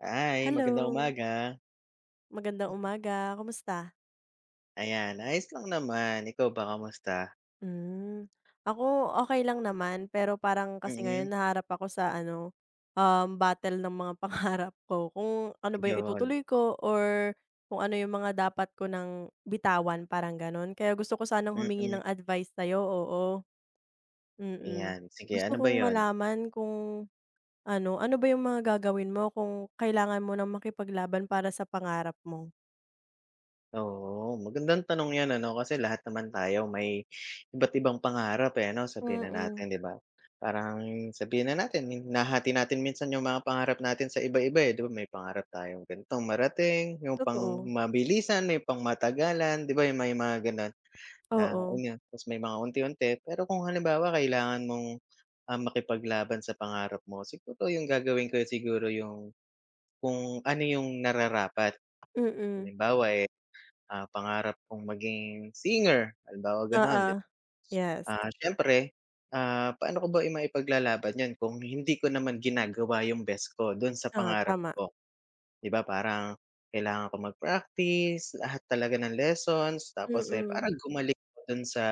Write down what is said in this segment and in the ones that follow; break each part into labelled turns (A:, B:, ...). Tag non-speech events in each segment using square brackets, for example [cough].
A: Hi. Magandang
B: Hello.
A: umaga.
B: Magandang umaga, kamusta?
A: Ayan, ayos lang naman, ikaw ba kamusta?
B: Hmm, ako okey lang naman, pero parang kasi
A: Mm.
B: ngayon nahaharap ako sa ano, um, battle ng mga pangarap ko, kung ano ba 'yung
A: 'Yon.
B: itutuloy ko or kung ano yung mga dapat ko nang bitawan, parang ganu'n kaya gusto ko sanang humingi
A: Mm.
B: ng advice sayo, oo. Mm,
A: Ayan, sige.
B: gusto
A: Ano ba
B: kong
A: 'yon?
B: malaman kung ano, ano ba 'yung mga gagawin mo kung kailangan mo nang makipaglaban para sa pangarap mo?
A: Oo. Magandang tanong 'yan, ano kasi lahat naman tayo may iba't-ibang pangarap, eh, 'no, sabihin na natin,
B: Mm.
A: 'di ba. Parang sabihin na natin, nahahati natin minsan yung mga pangarap natin sa iba-iba, eh,' di ba may pangarap tayong ganitong marating, yung
B: Totoo.
A: pang-mabilisan, may pang-matagalan 'di ba yung may mga gano'n na,
B: Oo.
A: ayon. 'Tas may mga unti-unti, pero kung halimbawa kailangan mong, ah, makipaglaban sa pangarap mo siguro 'yung gagawin ko, eh, siguro yung kung ano 'yung nararapat.
B: Mm.
A: Halimbawa, eh, ah, pangarap kong maging singer, halimbawa gano'n,
B: Oo. Yes.
A: ah, syempre, ah, pa'no ko ba maipaglalaban 'yon, kung hindi ko naman ginagawa yung best ko dun sa
B: Ah,
A: pangarap
B: tama.
A: ko? 'Di ba parang kailangan ko mag-practice, lahat talaga ng lessons tapos, eh,
B: Mm.
A: parang gumaling ako dun sa,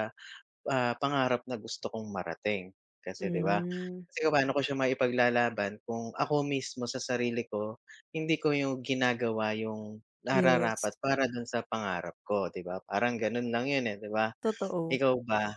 A: ah, pangarap na gusto kong marating, kasi 'di ba?
B: Hmm.
A: Kasi kung paano ko siya maipaglalaban, kung ako mismo sa sarili ko hindi ko yu ginagawa yung
B: Yes.
A: nararapat para dun sa pangarap ko 'di ba, parang ganu'n lang 'yun, eh, 'di ba?
B: Totoo.
A: Ikaw ba?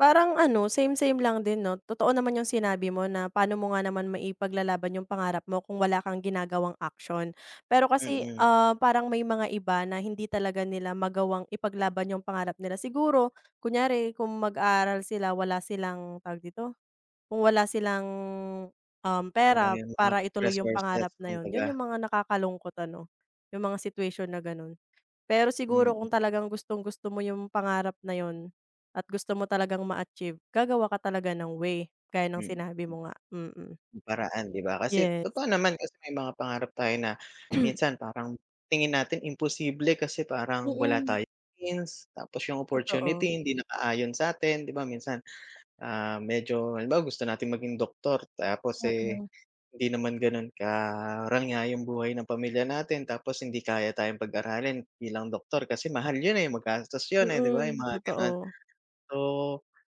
B: Parang ano same-same lang din 'no, totoo naman yung sinabi mo na paano mo nga naman maipaglalaban yung pangarap mo kung wala kang ginagawang action. Pero kasi,
A: Mm.
B: ah, parang may mga iba na hindi talaga nila magawang ipaglaban yung pangarap nila. Siguro kunyari kung mag-aaral sila wala silang tawag dito? Kung wala silang
A: Kulang
B: pera, um,
A: yung mga
B: para ituloy yung
A: resources
B: pangarap na 'yon,
A: kumbaga.
B: 'yon yung mga nakakalungkot ano? Yung mga situation na gano'n. Pero siguro
A: Mm.
B: kung talagang gustong-gusto mo yung pangarap na 'yon at gusto mo talagang ma-achieve gagawa ka talaga ng way gaya ng
A: Mm.
B: sinabi mo nga, mm mm.
A: Paraan di ba, kasi
B: Yes.
A: totoo naman kasi may mga pangarap tayo na
B: [coughs]
A: minsan parang tingin natin imposible kasi
B: Mm
A: parang wala
B: mm.
A: tayong means tapos yung
B: Totoo.
A: opportunity hindi nakaayon sa'tin. 'Di ba, minsan, ah, medyo halimbawa gusto nating maging doktor tapos,
B: Mm
A: eh,
B: mm.
A: hindi naman gano'n karangya yung buhay ng pamilya natin tapos hindi kaya tayong pag-aralin bilang doktor kasi mahal 'yon, eh, magastos
B: Mm
A: 'yon, eh, di ba yung
B: hmm,
A: mga gano'n.
B: totoo.
A: So,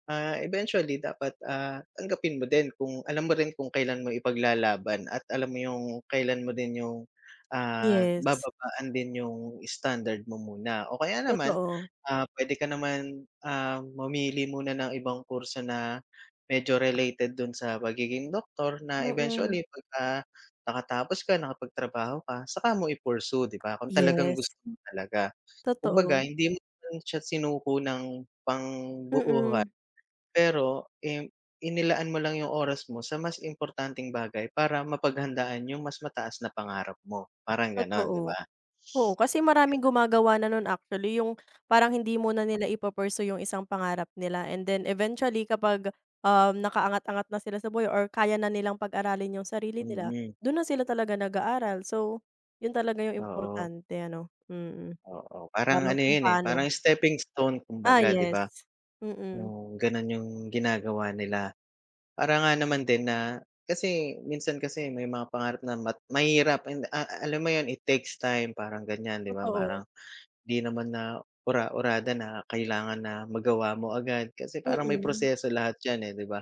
A: ah, eventually dapat, ah, tanggapin mo din kung alam mo rin kung kailan mo ipaglalaban at alam mo yung kailan mo din yung, ah,
B: Yes.
A: bababaan din yung standard mo muna o kaya naman,
B: Totoo.
A: ah, puwede ka naman, ah, mamili muna ng ibang kurso na medyo related dun sa pagiging doktor na
B: Mm mm.
A: eventually pagka nakatapos ka nakapagtrabaho ka saka mo i-pursue 'di ba, kung talagang
B: Yes.
A: gusto mo talaga. Kumbaga
B: Totoo.
A: hindi mo naman siya sinuko ng
B: Mm
A: pangbuohan
B: mm.
A: pero, im inilaan mo lang yung oras mo sa mas importanteng bagay para mapaghandaan yung mas mataas na pangarap mo parang gano'n, 'di
B: Totoo,
A: ba?
B: oo, kasi maraming gumagawa na nun actually, yung parang hindi muna nila ipo-pursue yung isang pangarap nila and then eventually kapag, um, nakaangat-angat na sila sa buhay or kaya na nilang pag-aralin yung sarili nila
A: Mm.
B: dun na sila talaga nag-aaral. So, 'yon talaga yung
A: Oo.
B: importante ano? Mm hmm,
A: Oo, parang
B: parang
A: ano
B: kung
A: 'yon, eh,
B: paano
A: parang steping stone
B: Ah,
A: kumbaga, 'di
B: yes,
A: ba?
B: mm hmm.
A: Yung gano'n yung ginagawa nila parang nga naman din na kasi minsan kasi may mga pangarap na mat mahirap, a alam mo 'yon it takes time, parang gan'yan, 'di ba?
B: Totoo.
A: Parang hindi naman na ura-urada na kailangan na magawa mo agad kasi
B: Mm
A: parang may
B: hmm.
A: proseso lahat 'yan, eh, 'di ba?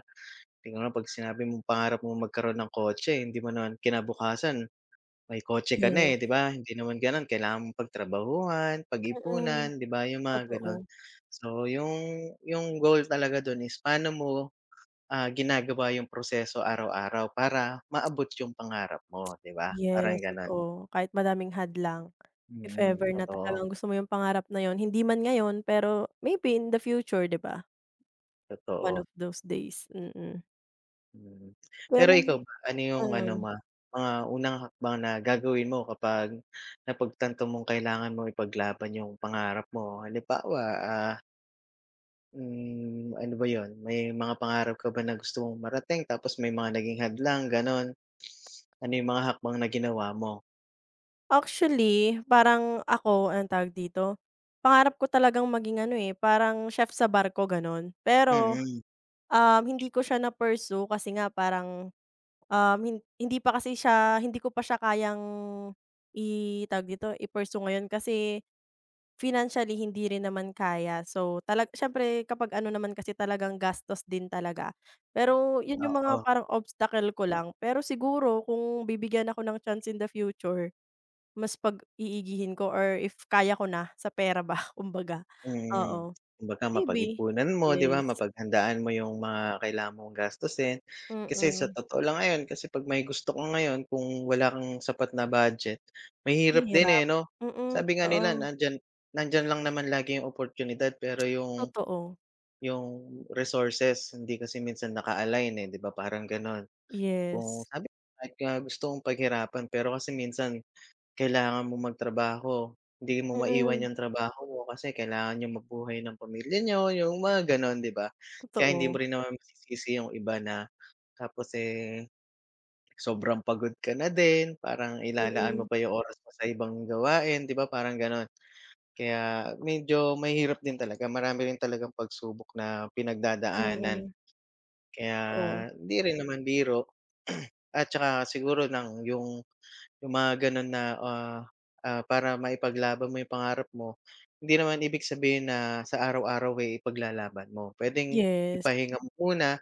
A: Tignan mo 'pag sinabi mong pangarap mong magkaroon ng kotse hindi mo naman kinabukasan, may kotse ka
B: Yes.
A: na, eh, 'di ba? Hindi naman gano'n kailangan mong pagtrabahuhan
B: Mm hmm,
A: pagipunan 'di ba yung mga gano'n.
B: totoo.
A: So, yung yung goal talaga dun is paano mo, ah, ginagawa yung proseso araw-araw para maabot yung pangarap mo 'di ba? Parang
B: Yes,
A: gano'n.
B: totoo, kahit madaming hadlang
A: Hmm
B: if
A: mhm,
B: ever na
A: totoo.
B: talagang gusto mo yung pangarap na 'yon hindi man ngayon pero maybe in the future, 'di ba? One
A: Totoo.
B: of those days, mm mhm.
A: Mhm. [clicks tongue] Pero
B: Pero
A: ikaw ba, ano yung ano
B: mhm.
A: ma mga unang hakbang na gagawin mo kapag napagtanto mong kailangan mong ipaglaban yung pangarap mo. Halimbawa, ah Hmm, ano ba yun? May mga pangarap ka ba na gusto mong marating tapos may mga naging hadlang? Ganon. Ano yung mga hakbang na ginawa mo?
B: Actually, parang ako, anong tawag dito? Pangarap ko talagang maging ano, eh, parang chef sa barko gano'n.
A: Mm
B: Pero,
A: hmm.
B: um, hindi ko siya na-pursue kasi nga parang, um, hindi pa kasi [blows air] siya hindi ko pa siya kayang i tawag dito, [blows air] i-pursue ngayon, kasi financially hindi rin naman kaya. So, talag siyempre kapag ano naman kasi talagang [blows air] gastos din talaga. Pero yun yung mga
A: Oo.
B: parang obstacle ko
A: Mm.
B: lang, pero siguro kung bibigyan ako ng chance in the future mas pag-iigihin ko or if kaya ko na sa pera ba, kumbaga
A: Mhm,
B: oo
A: kumbaga
B: maybe,
A: mapagipunan mo, 'di ba?
B: yes.
A: Mapaghandaan mo yung mga kailangan mong gastusin. Kasi sa
B: Mhm.
A: totoo lang ngayon, kasi pag may gusto ka ngayon, kung wala kang sapat na budget, mahirap din, eh,
B: Mahirap,
A: 'no?
B: mhm mm,
A: Sabi nga nila
B: totoo.
A: nandiyan nandiyan lang naman lagi oportunidad pero yung
B: Totoo.
A: yung resources hindi kasi minsan naka align, eh, 'di ba, parang ganon?
B: Yes.
A: Kung sabi ko kahit nga gusto kong paghirapan, pero kasi minsan kailangan mong magtrabaho, hindi
B: Mm
A: mo maiwan
B: mhm.
A: yung trabaho mo kasi kailangan niyong mabuhay ng pamilya niyo, yung mga ganon 'di ba? Kaya hindi mo
B: Totoo.
A: rin naman masisisi yung iba na tapos, eh, sobrang pagod ka na din, parang
B: Mhm
A: ilalaan mo
B: mm.
A: pa yung oras mo sa ibang gawain 'di ba, parang gano'n? Kaya medyo mahirap din talaga marami rin talagang pagsubok na
B: Mhm
A: pinagdadaanan.
B: mm.
A: Kaya
B: Totoo.
A: hindi rin naman biro [clears throat] at tsaka siguro ng yung yung mga ganun na, ah, ah, para maipaglaban mo yung pangarap mo, hindi naman ibig sabihin na sa araw-araw ay ipaglalaban mo. Puwedeng
B: Yes.
A: ipahinga mo muna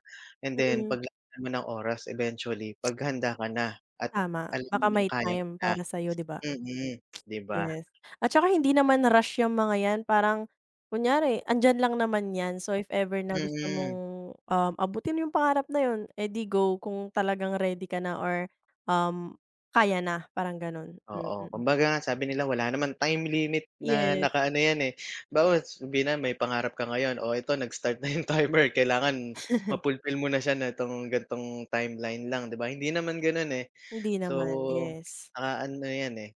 A: and
B: Hmm
A: then
B: mm. [clicks tongue]
A: paglaanan mo ng oras eventually paghanda ka na at
B: Tama,
A: alam
B: baka
A: mo ng
B: may
A: kaya mo
B: time
A: na,
B: para sayo, 'di ba?
A: hmm mm, 'di ba?
B: Yes, at tsaka hindi naman rush yang mga yan, parang kunyari andiyan lang naman yan. So, if ever na
A: Hmm
B: gusto mong,
A: mm.
B: um, abutin yung pangarap na yun, eh di go kung talagang ready ka na or, um, kaya na parang ganun, hmm
A: Oo,
B: mm.
A: kumbaga nga, sabi nila wala naman time limit na
B: Yes.
A: nakaano 'yan, eh, bagkus sabi na may pangarap ka ngayon, o eto nag-start na 'yong timer kailangan
B: [laughs]
A: ma-fulfill mo na siya na 'tong ganitong timeline lang 'di ba? Hindi naman gano'n, eh,
B: Hindi naman,
A: so
B: yes.
A: nakaano 'yan, eh,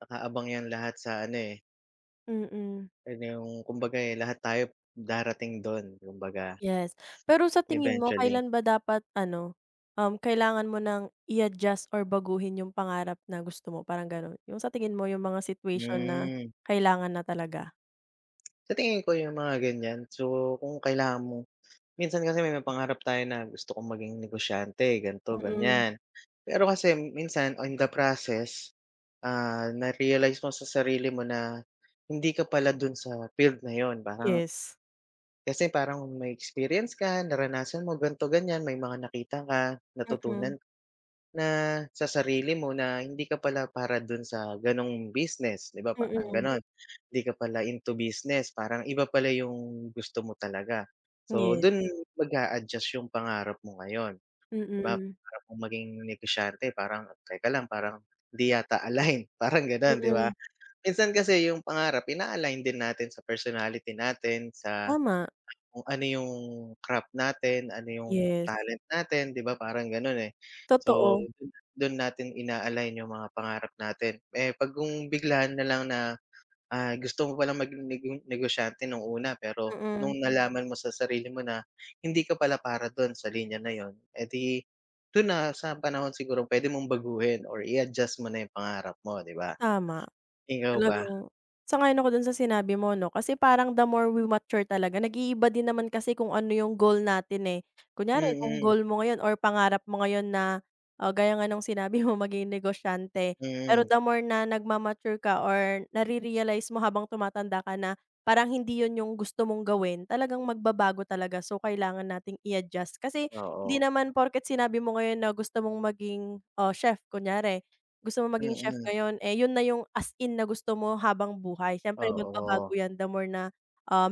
A: nakaabang 'yan lahat sa ano, eh
B: Mm hmm.
A: 'Yan na yung kumbaga, eh, lahat tayo darating dun kumbaga.
B: Yes. Pero sa tingin mo
A: Eventually.
B: kailan ba dapat, ano, um, kailangan mo nang i-adjust or baguhin yung pangarap na gusto mo? Parang ganun, yung sa tingin mo yung mga situation na
A: Hmm.
B: kailangan na talaga?
A: Sa tingin ko yung mga, ganyan, so, kung kailangan mo Minsan kasi may mga pangarap tayo na gusto kong maging negosyante ganito,
B: Mm.
A: ganyan. Pero kasi minsan on the process, ah, narealize mo sa sarili mo na hindi ka pala dun sa field na yun. Parang
B: Yes.
A: Kasi parang may experience ka naranasan mo ganito, ganyan, may mga nakita ka,
B: Mm.
A: natutunan na sa sarili mo na hindi ka pala para dun sa, ganong, business, 'di ba parang
B: Mhm.
A: ganon? Hindi ka pala into business parang iba pala yung gusto mo talaga, so,
B: Yes.
A: dun mag-adjust yung pangarap mo ngayon.
B: Mm
A: 'Di ba,
B: hmm.
A: pangarap mong maging negosyante parang teka lang parang hindi yata align parang,
B: Mm
A: ganon, 'di ba?
B: hmm.
A: Minsan kasi yung pangarap ina-align din natin sa personality natin sa,
B: Tama.
A: kung, ano, yung crap natin, ano, yung
B: Yes.
A: talent natin, 'di ba? Parang, ganun, eh, so,
B: Totoo.
A: dun natin ina-align yung mga pangarap natin. Eh, 'pag kung bigla nalang na, ah, gusto mo palang maging nigeng negosyante nung una pero
B: Hmm mm.
A: nung nalaman mo sa sarili mo na, hindi ka pala para dun sa linya na yun, eh di dun na sa panahon sigurong pwede mong baguhin or i-adjust mo na yung pangarap mo. 'Di ba?
B: Tama.
A: Ikaw ba?
B: Talagang Sang-ayon ako dun sa sinabi mo, ano? Kasi parang the more we mature talaga, nag-iiba din naman kasi kung, ano, yung goal natin, eh.
A: Mm
B: Kunyari kung
A: mm.
B: goal mo ngayon or pangarap mo ngayon na, gaya nga ng sinabi mo [chuckles] maging negosyante. Pero
A: Mhm.
B: the more na nagma-mature ka or nare-realize mo habang tumatanda ka na parang hindi yun yung gusto mong gawin, talagang magbabago talaga, so, kailangan nating i-adjust. Kasi hindi
A: Oo.
B: naman porket sinabi mo ngayon na gusto mong maging, oh, chef kunyari, gusto mong
A: Hmm
B: maging chef
A: mm.
B: ngayon, yun na yung as in na gusto mo habang buhay. Siyempre magbabago
A: Oo.
B: yan the more na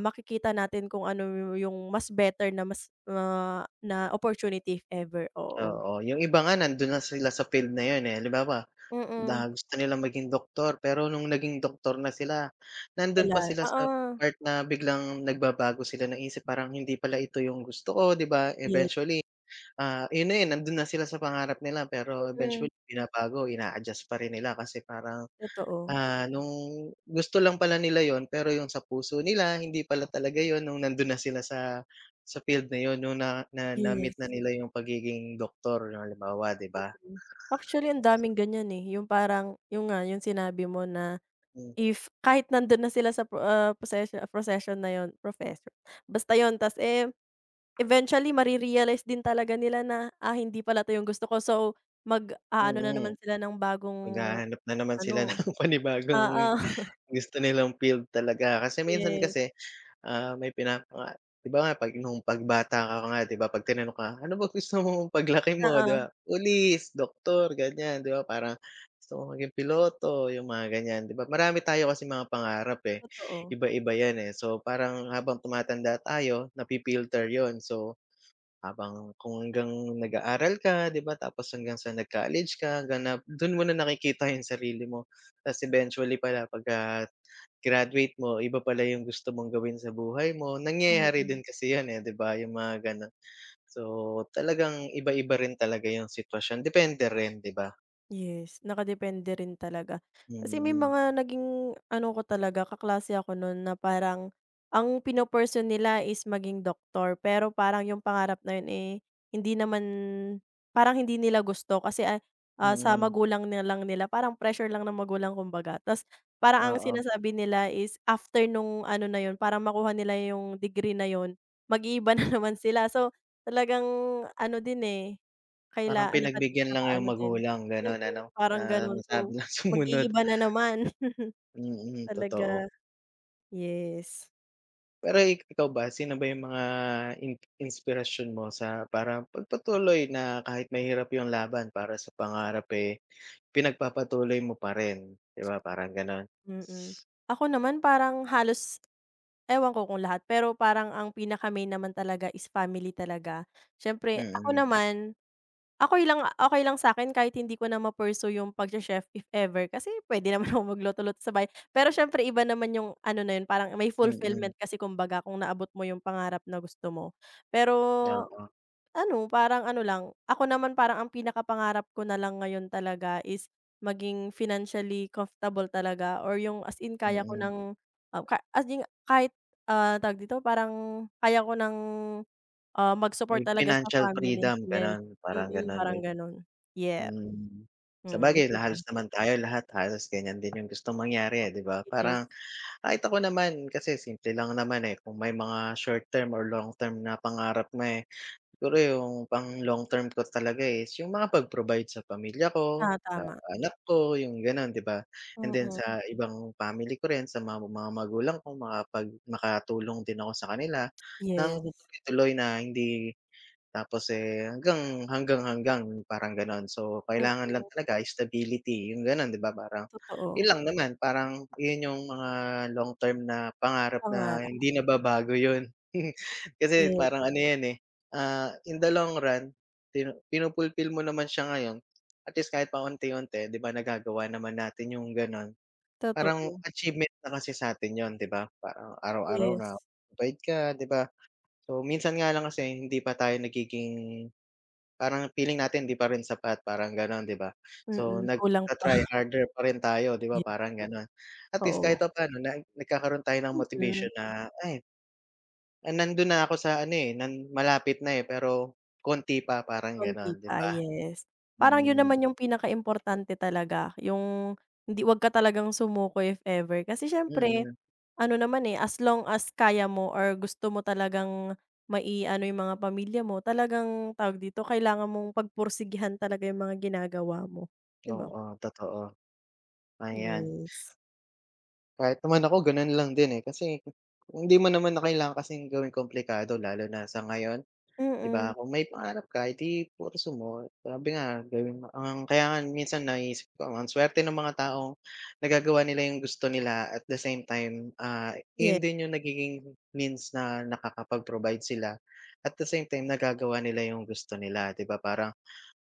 B: makikita natin kung, ano, yung mas better na mas ma na opportunity if ever. Oo.
A: Oo, yung iba nga nandun na sila sa field na yun, eh, halimbawa
B: Hmm mm.
A: na gusto nilang maging doktor pero nung naging doktor na sila nandun pa
B: Wala,
A: sila sa
B: Oo.
A: part na biglang nagbabago sila naisip parang hindi pala ito yung gusto ko, 'di ba?
B: Ye
A: Eventually, ah, yun na yun, nandun na sila sa pangarap nila pero
B: Mhm.
A: eventually binabago ina-adjust pa rin nila kasi parang,
B: Totoo.
A: ah, nung gusto lang pala nila yun pero yung sa puso nila hindi pala talaga yun nung nandun na sila sa sa field na yun nung na na
B: Yes.
A: na-meet na nila yung pagiging doktor yung halimbawa, 'di ba? Tapos
B: Mhm. Actually ang daming ganyan, eh, yung parang yun nga yung sinabi mo na,
A: Mm.
B: if kahit nandun na sila sa pro ah, procesion profession na yun, professor Basta yun, ta's eh, eventually mare-realize din talaga nila na, ah, hindi pala yung gusto ko, so,
A: Hmm
B: mag-a-ano, na
A: mm.
B: naman sila ng bagong,
A: Maghahanap na naman sila
B: ano
A: ng
B: Oo.
A: panibagong
B: [chuckles]
A: gusto nilang field talaga. Kasi minsan
B: Yes.
A: kasi, ah, may pinapa 'Di ba, nga p'ag nung 'pag bata ka nga 'di ba 'pag tinanong ka, ano ba gusto mong paglaki mo, 'di
B: Oo.
A: ba? Police, doktor, ganyan, 'di ba? Parang gusto mong maging piloto yung mga, ganyan, 'di ba? Marami tayo kasing mga pangarap, eh,
B: Totoo.
A: iba-iba yan, eh. So, parang habang tumatanda tayo nafi-filter yun, so, habang kung hanggang nag-aaral ka, 'di ba, tapos hanggang sa nag-college ka hanggang na dun mo nakikita yung sarili mo ta eventually pala pagka graduate mo iba pala yung gusto mong gawin sa buhay mo, nangyayari din
B: Mhm.
A: kasi yun, eh, 'di ba? Yung mga ganun. So talagang iba-iba rin talaga yung sitwasyon, depende rin, 'di ba?
B: Yes, nakadepende rin talaga. Kasi may
A: Hmm.
B: mga naging ano ko talaga, kaklase ako noon na parang ang pino-pursue nila is maging doctor. Pero parang yung pangarap na yun, eh, hindi naman, parang hindi nila gusto kasi, ah, sa
A: Mhm.
B: magulang na lang nila, parang pressure lang ng magulang kumbaga. 'Tas parang ang
A: Oo.
B: sinasabi nila is after nung ano na yun para makuha nila yung degree na [blows air] yun. Mag-iiba na naman sila. So talagang ano din, eh,
A: Parang
B: kailangan nakaano
A: pinagbigyan
B: kailangang
A: lang yung
B: naka-ano din
A: magulang
B: hmm
A: ganon, ano?
B: mm, parang
A: Na
B: ganun.
A: masabi
B: So
A: lang na sumunod.
B: mag-iiba na naman.
A: [inhales]
B: [chuckles]
A: Mm, totoo.
B: Talaga. Yes.
A: Pero, ikaw ba sino ba yung mga in inspirasyon mo sa, parang pagpatuloy na kahit mahirap yung laban para sa pangarap, eh, pinagpapatuloy mo pa rin 'di ba parang ganun? [inhales]
B: Hmm mm. Ako naman, parang halos, ewan ko kung lahat, pero parang ang pinaka-main naman talaga, is family talaga.
A: Hmm
B: Siyempre ako
A: mm.
B: naman, okey lang okey lang sa akin, kahit hindi ko na ma-pursue yung pag-che-chef if ever, kasi pwede naman [blows air] akong magluto-luto sa bahay, pero siyempre iba naman yung ano na yun parang may
A: Hmm mm.
B: fulfillment kasi, kumbaga kung naabot mo yung pangarap na gusto mo. Pero
A: Oo.
B: ano parang ano lang, ako naman parang ang pinaka-pangarap ko nalang ngayon talaga, is maging financially comfortable talaga or yung as in
A: Hmm
B: kaya ko
A: mm.
B: ng ah, ka as in kahit, ah, tawag dito parang kaya ko ng, ah, mag-support
A: May
B: talaga sa
A: financial
B: family
A: freedom,
B: yes,
A: gano'n? Parang
B: mm,
A: ganun may
B: parang ganun, yeh.
A: hmm.
B: Hmm mm,
A: Sabagay
B: ikaw
A: na
B: ba?
A: halos naman tayo lahat, halos ganyan din yung gustong mangyari, eh, 'di ba
B: Yes.
A: parang? [inhales] Kahit ako naman kasi simple lang naman, eh, kung may mga short term or long term na pangarap nga, eh. Siguro yung pang long term ko talaga, eh, is yung mga pag provide sa pamilya ko,
B: Ah,
A: sa
B: tama.
A: anak ko, yung ganon 'di ba? And
B: Hmm
A: then
B: mm.
A: sa ibang family ko rin sa mga mga magulang ko makapag makatulong din ako sa kanila ng
B: Yes.
A: tuloy na hindi, tapos, eh, hanggang hanggang hanggang parang ganon. So
B: Hmm
A: kailangan lang
B: mm.
A: talaga stability yung ganon 'di ba parang yun
B: Totoo.
A: lang naman. Parang yun yung mga long term na pangarap
B: Pangarap.
A: na hindi nababago yun. [chuckles] Kasi
B: Yeah.
A: parang ano yan, eh, ah, in the long run pinu-fulfill mo naman siya ngayon. At least kahit pa unti-unti 'di ba nagagawa naman natin yung gano'n. Parang
B: Totoo.
A: achievement na kasi sa'tin 'yun 'di ba? Parang araw-araw
B: Yes.
A: napagod ka 'di ba? So minsan nga lang kasi hindi pa tayo nagiging parang feeling natin hindi parin sapat, parang ganon 'di ba?
B: Hmm mm,
A: So
B: kulang pa.
A: nagta-try
B: [blows air] [unintelligible]
A: harder pa rin tayo 'di ba parang gano'n? At least
B: Oo.
A: kahit papano na nagkakaroon tayo ng
B: Hmm mm.
A: motivation na, ay, ay, nandun na ako sa ano, eh, na malapit na, eh, pero konti pa. Parang ganon
B: Konti
A: 'di
B: pa,
A: ba?
B: yes. Parang 'yun naman yung pinaka-importante talaga, 'yung hindi 'wag ka talagang sumuko if ever. Kasi siyempre
A: Hmm.
B: ano naman, eh, as long as kaya mo or gusto mo talagang mai-ano 'yung mga pamilya mo, talagang tawag dito? Kailangan mong pag-pursigihan talaga yung mga ginagawa mo, 'di ba?
A: Oo, totoo. 'Ayan. [inhales]
B: Yes.
A: Kahit naman ako gano'n lang din, eh, kasi, hindi mo naman na kailangan kasing gawing komplikado lalo na sa ngayon,
B: Hmm
A: 'di
B: mm.
A: ba? Kung may pangarap ka, eh, 'di pursue mo. Sabi nga gawin mo ang kaya nga minsan naiisip ko, ang suwerte nung mga taong nagagawa nila yung gusto nila at the same time, ah,
B: Yeah
A: iyon din yung nagiging means na nakakapag-provide sila. At the same time, nagagawa nila gusto nila 'di ba parang?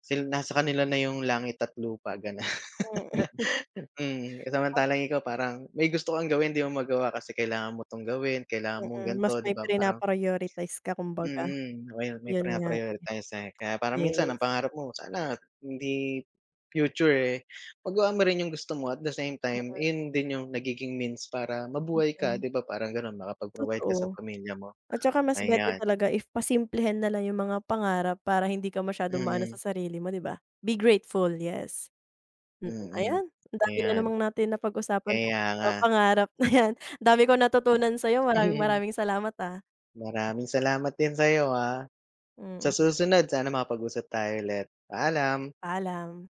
A: Sil nasa kanila na yung langit at lupa, gano'n.
B: Hmm mm. [laughs]
A: [laughs] Mm,
B: A [unintelligible]
A: samantalang ikaw parang may gusto kang gawin 'di mo magawa kasi kailangan mo 'tong gawin, kailangan
B: Hmm
A: mong
B: mm, mas
A: ganto 'di
B: may
A: ba, parang
B: pina-prioritize ka
A: Hmm
B: kumbaga.
A: mm, may may
B: 'Yun nga.
A: prina-prioritize, eh, kaya parang minsan ang
B: Yes.
A: pangarap mo sana hindi future, eh. Magawa mo rin yung gusto mo at the same time,
B: Oo.
A: ayun din yung nagiging means para mabuhay ka
B: [unintelligible]
A: 'di ba, parang gano'n? Makapag-provide ka sa
B: Totoo.
A: pamilya mo,
B: At tsaka mas better
A: ayan.
B: talaga if pasimplehin nalang yung mga pangarap para hindi ka masyadong
A: Hmm
B: ma-ano sa
A: mm.
B: sarili mo 'di ba? Be grateful, yes. hmm mm.
A: Hmm mm,
B: Ayan ang dami na
A: ayan.
B: namang natin napag-usapan
A: Kaya
B: tungkol sa
A: nga. [unintelligible]
B: pangarap na 'yan ang dami kong natutunan sa'yo maraming,
A: [chuckles]
B: maraming salamat, ah.
A: Maraming salamat din sa'yo, ah. Sa
B: Mhm.
A: susunod sana makapag-usap tayo ulit, paalam.
B: Paalam.